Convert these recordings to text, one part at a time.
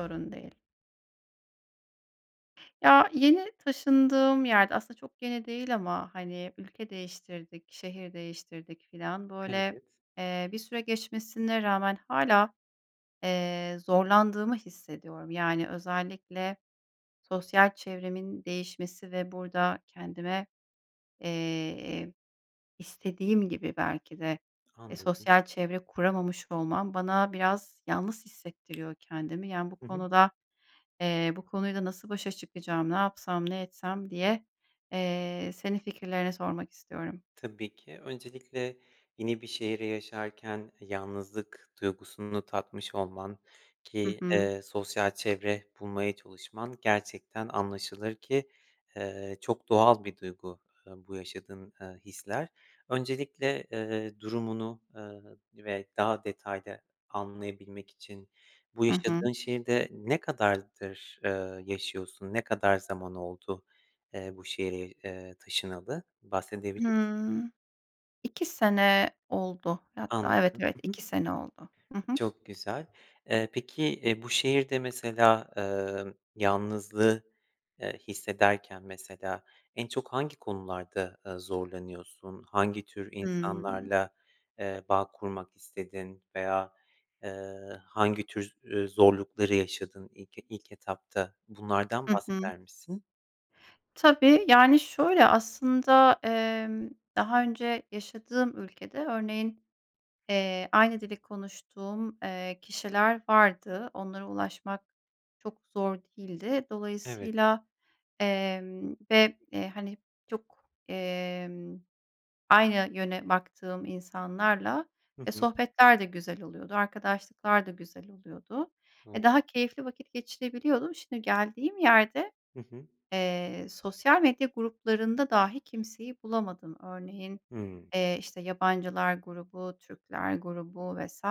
Sorun değil. Ya, yeni taşındığım yerde, aslında çok yeni değil ama, hani, ülke değiştirdik, şehir değiştirdik filan, böyle, Evet. eee, bir süre geçmesine rağmen hâlâ, eee, zorlandığımı hissediyorum. Yani özellikle, sosyal çevremin değişmesi ve burada kendime, eee, istediğim gibi belki de, eee, Anladım. sosyal çevre kuramamış olmam, bana biraz yalnız hissettiriyor kendimi. Yani, bu Hı hı. konuda, eee, bu konuyla nasıl başa çıkacağım, ne yapsam, ne etsem diye, eee, senin fikirlerini sormak istiyorum. Tabii ki, öncelikle, yeni bir şehri yaşarken yalnızlık duygusunu tatmış olman Hı ki, hı. eee, sosyal çevre bulmaya çalışman gerçekten anlaşılır ki, eee, çok doğal bir duygu, eee, bu yaşadığın, eee, hisler. Öncelikle, eee, durumunu, eee, ve daha detaylı anlayabilmek için bu I hı. yaşadığın şehirde ne kadardır, eee, yaşıyorsun? Ne kadar zaman, eee, oldu bu şehre, eee, taşınalı? Bahsedebilir misin? Hıı. 2 sene oldu. Anladım, Hatta, evet, evet, ı hı. 2 sene oldu. I hı. Çok güzel. Eee, peki, eee, bu şehirde mesela, eee, yalnızlığı, eee, hissederken mesela en çok hangi konularda, eee, zorlanıyorsun? Hangi tür Hımm. insanlarla, eee, bağ kurmak istedin veya, eee, hangi tür, üüü, zorlukları yaşadın ilk e ilk etapta? Bunlardan I hı. bahseder misin? Tabii, yani, şöyle aslında, emm, daha önce yaşadığım ülkede, örneğin, eee, aynı dili konuştuğum, eee, kişiler vardı. Onlara ulaşmak çok zor değildi. Evet. Dolayısıyla, emm, ve, eee, hani, çok, emm, aynı yöne baktığım insanlarla, Hı e, hı. sohbetler de güzel oluyordu, arkadaşlıklar da güzel oluyordu. Doğru. E, daha keyifli vakit geçirebiliyordum. Şimdi geldiğim yerde, Hı hı. eee, sosyal medya gruplarında dahi kimseyi bulamadım. Örneğin, Hımm. eee, işte, yabancılar grubu, Türkler grubu vs.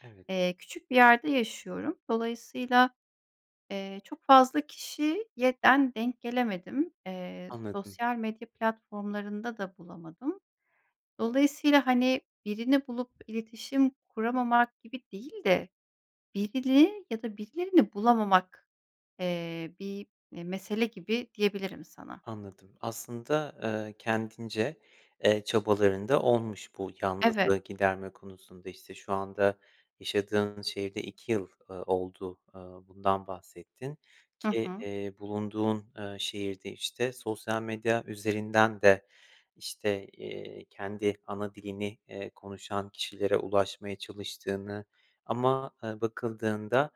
Evet. eee, küçük bir yerde yaşıyorum. Dolayısıyla, eee, çok fazla kişiye den denk gelemedim. Eee, Anladım. sosyal medya platformlarında da bulamadım. Dolayısıyla, hani, birini bulup iletişim kuramamak gibi değil de birini ya da birilerini bulamamak, eee, bir, eee, mesele gibi diyebilirim sana. Anladım. Aslında, eee, kendince, eee, çabaların da olmuş bu Evet. yalnızlığı giderme konusunda. İşte, şu anda yaşadığın şehirde 2 yıl, eee, oldu, eee, bundan bahsettin Hı ki, hı. iii, bulunduğun, eee, şehirde, işte, sosyal medya üzerinden de, işte, eee, kendi ana dilini, eee, konuşan kişilere ulaşmaya çalıştığını ama, eee, bakıldığında,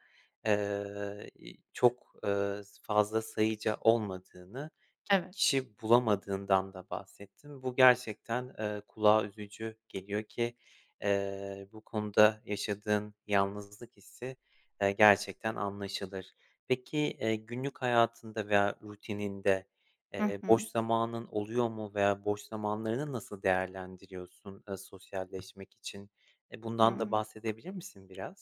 eee, i çok, ııı, s fazla sayıca olmadığını, ki Evet. kişi bulamadığından da bahsettin. Bu gerçekten, eee, kulağa üzücü geliyor ki, eee, bu konuda yaşadığın yalnızlık hissi, eee, gerçekten anlaşılır. Peki, eee, günlük hayatında veya rutininde, Hı eee, boş hı. zamanın oluyor mu veya boş zamanlarını nasıl değerlendiriyorsun, eee, sosyalleşmek için? Eee, bundan da Hımm. bahsedebilir misin biraz?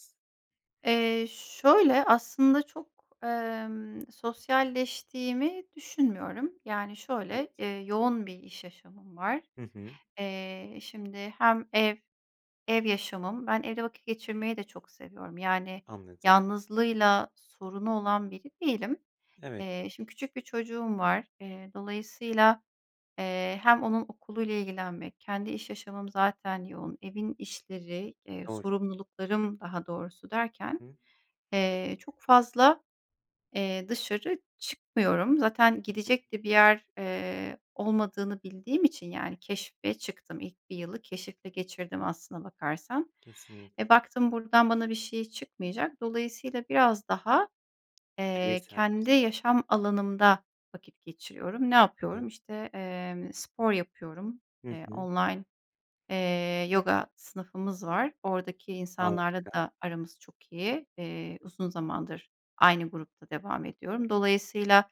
Eee, şöyle, aslında çok, emm, sosyalleştiğimi düşünmüyorum. Yani, şöyle, Evet. eee, yoğun bir iş yaşamım var. Hı hı. Eee, şimdi hem ev ev yaşamım, ben evde vakit geçirmeyi de çok seviyorum, yani, Anladım. yalnızlığıyla sorunu olan biri değilim. Evet. Eee, şimdi küçük bir çocuğum var. Eee, dolayısıyla, eee, hem onun okuluyla ilgilenmek, kendi iş yaşamım zaten yoğun, evin işleri, eee, Doğru. sorumluluklarım daha doğrusu I derken, hı. eee, çok fazla, eee, dışarı çıkmıyorum. Zaten Hı hı. gidecek de bir yer, eee, olmadığını bildiğim için, yani, keşfe çıktım. İlk 1 yılı keşifle geçirdim aslına bakarsan. E, Kesinlikle. baktım buradan bana bir şey çıkmayacak. Dolayısıyla biraz daha, eee, Bireysel [unintelligible] kendi yaşam alanımda vakit geçiriyorum. Ne yapıyorum? [unintelligible] İşte, eee, spor yapıyorum. Hı Eee, hı. online, eee, yoga sınıfımız var. Oradaki insanlarla Harika. da aramız çok iyi. Eee, uzun zamandır aynı grupta devam ediyorum. Dolayısıyla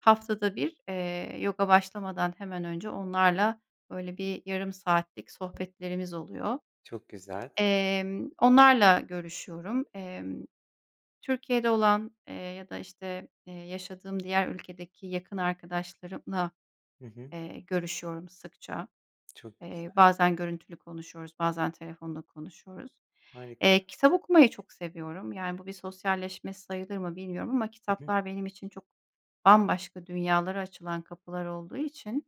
haftada 1 eee, yoga başlamadan hemen önce onlarla böyle bir yarım saatlik sohbetlerimiz oluyor. Çok güzel. Emm, onlarla görüşüyorum. Emm, Türkiye'de olan, eee, ya da, işte, eee, yaşadığım diğer ülkedeki yakın arkadaşlarımla, Hı hı. eee, görüşüyorum sıkça. Çok Eee, güzel. bazen görüntülü konuşuyoruz, bazen telefonda konuşuyoruz. Harika. Eee, kitap okumayı çok seviyorum. Yani, bu bir sosyalleşme sayılır mı bilmiyorum ama [unintelligible] kitaplar benim için çok bambaşka dünyalara açılan kapılar olduğu için,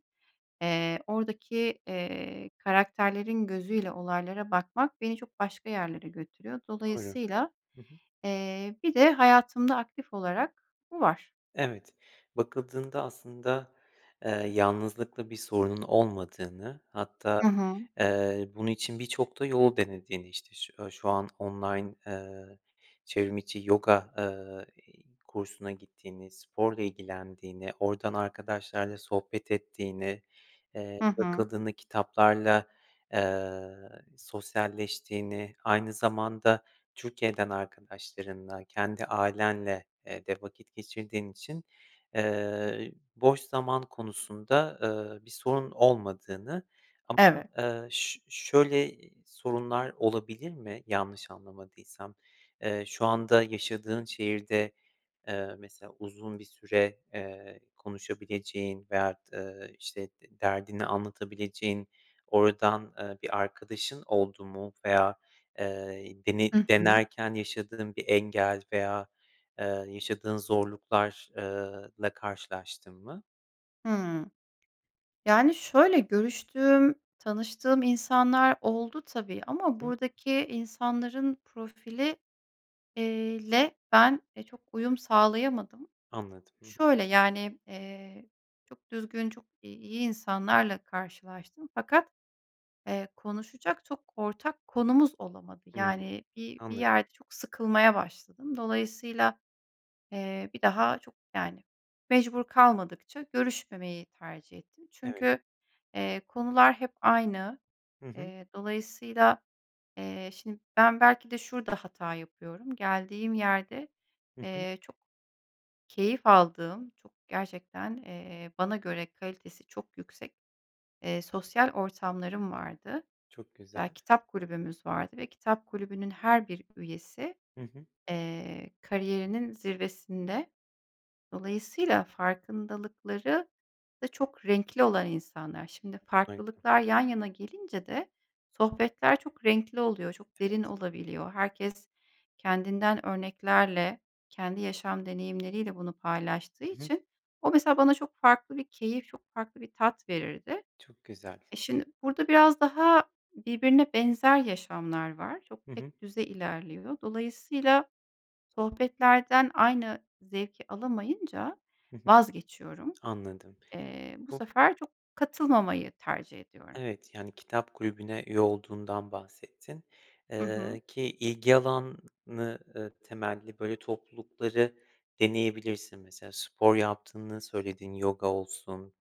eee, oradaki, eee, karakterlerin gözüyle olaylara bakmak beni çok başka yerlere götürüyor. Doğru. Dolayısıyla, Hı hı. eee, bir de hayatımda aktif olarak bu var? Evet, bakıldığında aslında, eee, yalnızlıkla bir sorunun olmadığını, hatta, I hı. eee, bunun için birçok da yol denediğini, işte, şu şu an online, eee, çevrimiçi yoga, eee, kursuna gittiğini, sporla ilgilendiğini, oradan arkadaşlarla sohbet ettiğini, eee, Hı hı. bakıldığında kitaplarla, eee, sosyalleştiğini, aynı zamanda Türkiye'den arkadaşlarınla, kendi ailenle, eee, de vakit geçirdiğin için, eee, boş zaman konusunda, eee, bir sorun olmadığını ama, Evet. eee, ş şöyle sorunlar olabilir mi, yanlış anlamadıysam? Eee, şu anda, yaşadığın şehirde, eee, mesela uzun bir süre, eee, konuşabileceğin veya, d ııı, işte, d derdini anlatabileceğin oradan, eee, bir arkadaşın oldu mu veya, eee, dene Hı hı. denerken yaşadığın bir engel veya, eee, yaşadığın zorluklar eee, la karşılaştın mı? Hıı. Yani, şöyle: Görüştüğüm, tanıştığım insanlar oldu tabii ama Hı. buradaki insanların profili iii, le ben çok uyum sağlayamadım. Anladım. Hı hı. Şöyle: Yani, eee, çok düzgün, çok iyi insanlarla karşılaştım fakat, eee, konuşacak çok ortak konumuz olamadı. Hıı, Yani bir bir anla yerde çok sıkılmaya başladım. Dolayısıyla, eee, bir daha çok yani mecbur kalmadıkça görüşmemeyi tercih ettim. Evet. Çünkü, eee, konular hep aynı. Hı hı. Eee, dolayısıyla, eee, şimdi, ben belki de şurada hata yapıyorum, geldiğim yerde, Hı hı. eee, çok keyif aldığım, çok gerçekten, eee, bana göre kalitesi çok yüksek, eee, sosyal ortamlarım vardı. Çok güzel. Ya, kitap kulübümüz vardı ve kitap kulübünün her bir üyesi, Hı hı. eee, kariyerinin zirvesinde. Dolayısıyla farkındalıkları da çok renkli olan insanlar. Şimdi, [unintelligible] farklılıklar yan yana gelince de sohbetler çok renkli oluyor, çok derin Evet. olabiliyor. Herkes kendinden örneklerle, kendi yaşam deneyimleriyle bunu paylaştığı Hı hı. için o mesela bana çok farklı bir keyif, çok farklı bir tat verirdi. Çok güzel. E, şimdi, burada biraz daha birbirine benzer yaşamlar var. Çok Hı hı. tek düze ilerliyor. Dolayısıyla sohbetlerden aynı zevki alamayınca Hı hı. vazgeçiyorum. Anladım. Eee, bu Bu sefer çok katılmamayı tercih ediyorum. Evet, yani, kitap kulübüne üye olduğundan bahsettin. Hı hı. Eee, ki ilgi alanı, ııı, temelli, böyle toplulukları deneyebilirsin. Mesela, spor yaptığını söyledin, yoga olsun,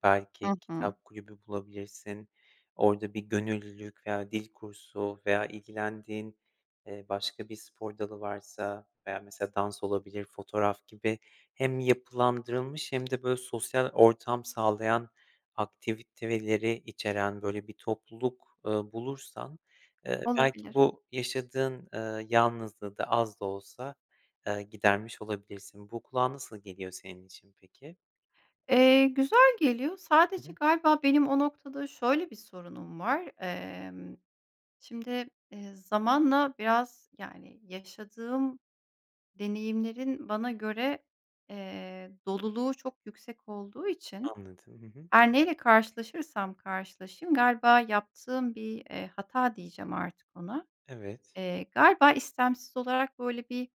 Hı belki hı. kitap kulübü bulabilirsin, orada bir gönüllülük veya dil kursu veya ilgilendiğin, eee, başka bir spor dalı varsa veya mesela, dans olabilir, fotoğraf gibi hem yapılandırılmış hem de böyle sosyal ortam sağlayan aktiviteleri içeren böyle bir topluluk, ııı, bulursan, eee, belki Olabilir. bu yaşadığın, eee, yalnızlığı da az da olsa, ııı, gidermiş olabilirsin. Bu kulağa nasıl geliyor senin için peki? Eee, güzel geliyor Hı sadece hı. galiba benim o noktada şöyle bir sorunum var. Emm, şimdi, eee, zamanla biraz, yani, yaşadığım deneyimlerin bana göre, eee, doluluğu çok yüksek olduğu için Anladım. Hı hı. her neyle karşılaşırsam karşılaşayım galiba yaptığım bir, eee, hata diyeceğim artık ona. Evet. Eee, galiba istemsiz olarak böyle bir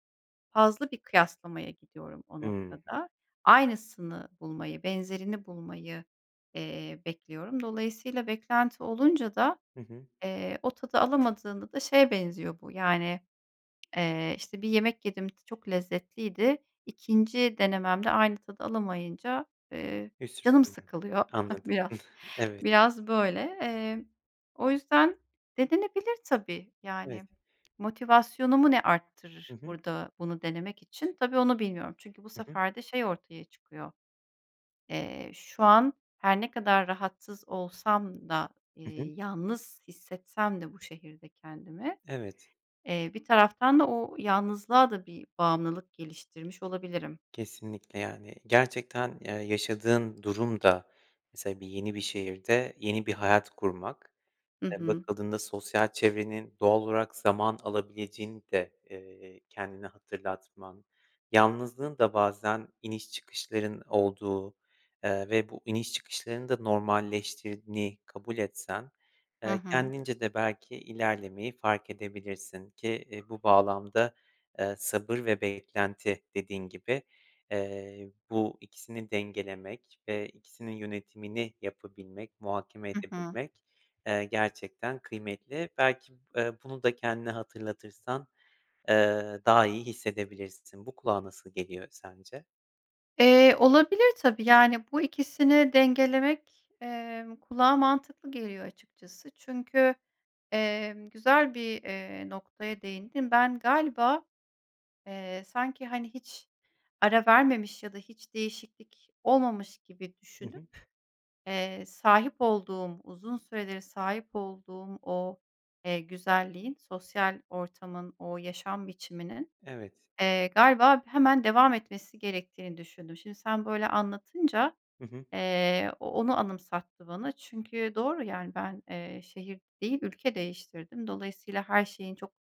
fazla bir kıyaslamaya gidiyorum o Hımm. noktada. Aynısını bulmayı, benzerini bulmayı, eee, bekliyorum. Dolayısıyla beklenti olunca da, Hı hı. eee, o tadı alamadığında da şeye benziyor bu, yani, eee, işte, bir yemek yedim çok lezzetliydi 2'nci denememde aynı tadı alamayınca, eee, canım [unintelligible] sıkılıyor Anladım. biraz, Evet. biraz böyle. Eee, o yüzden denenebilir tabii Evet. yani. Motivasyonumu ne Hı arttırır hı. burada bunu denemek için tabii onu bilmiyorum çünkü bu Hı hı. sefer de şey ortaya çıkıyor. Eee, şu an her ne kadar rahatsız olsam da, Hı hı. eee, yalnız hissetsem de bu şehirde kendimi, Evet. eee, bir taraftan da o yalnızlığa da bir bağımlılık geliştirmiş olabilirim. Kesinlikle, yani, gerçekten, ya, yaşadığın durum da mesela bir yeni bir şehirde, yeni bir hayat kurmak, Hı eee, hı. bakıldığında sosyal çevrenin doğal olarak zaman alabileceğini de, eee, kendine hatırlatman, yalnızlığın da bazen iniş çıkışların olduğu, eee, ve bu iniş çıkışların da normalleştirdiğini kabul etsen, Hı eee, hı. kendince de belki ilerlemeyi fark edebilirsin ki, eee, bu bağlamda, eee, sabır ve beklenti dediğin gibi, eee, bu 2'sini dengelemek ve 2'sinin yönetimini yapabilmek, muhakeme Hı hı. edebilmek, eee, gerçekten kıymetli. Belki, eee, bunu da kendine hatırlatırsan, eee, daha iyi hissedebilirsin. Bu kulağa nasıl geliyor sence? Eee, olabilir tabii, yani, bu 2'sini dengelemek, emm, kulağa mantıklı geliyor açıkçası. Çünkü, emm, güzel bir, eee, noktaya değindin. Ben galiba, eee, sanki, hani, hiç ara vermemiş ya da hiç değişiklik olmamış gibi Hı düşünüp, hı. eee, sahip olduğum uzun süreleri sahip olduğum o, eee, güzelliğin sosyal ortamın o yaşam biçiminin, Evet. eee, galiba hemen devam etmesi gerektiğini düşündüm. Şimdi sen böyle anlatınca, Hı hı. eee, o onu anımsattı bana çünkü doğru, yani, ben, eee, şehir değil ülke değiştirdim. Dolayısıyla her şeyin çok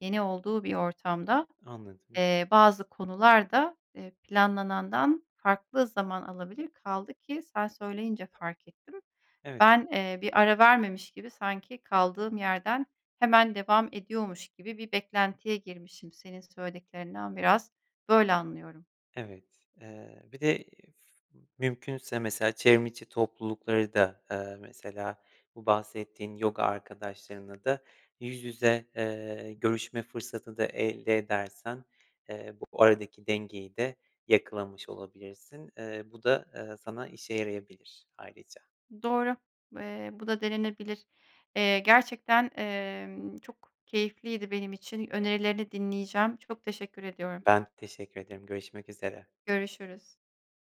yeni olduğu bir ortamda, Anladım. eee, bazı konular da, eee, planlanandan farklı zaman alabilir kaldı ki sen söyleyince fark ettim Evet. ben, eee, bir ara vermemiş gibi sanki kaldığım yerden hemen devam ediyormuş gibi bir beklentiye girmişim senin söylediklerinden biraz böyle anlıyorum. Evet, eee, bir de, iii, f mümkünse mesela çevrim içi toplulukları da, eee, mesela bu bahsettiğin yoga arkadaşlarınla da yüz yüze, eee, görüşme fırsatı da elde edersen, eee, bu aradaki dengeyi de yakalamış olabilirsin. Eee, bu da, eee, sana işe yarayabilir ayrıca. Doğru, eee, bu da denenebilir. Eee, gerçekten, emm, çok keyifliydi benim için, önerilerini dinleyeceğim. Çok teşekkür ediyorum. Ben de teşekkür ederim görüşmek üzere. Görüşürüz.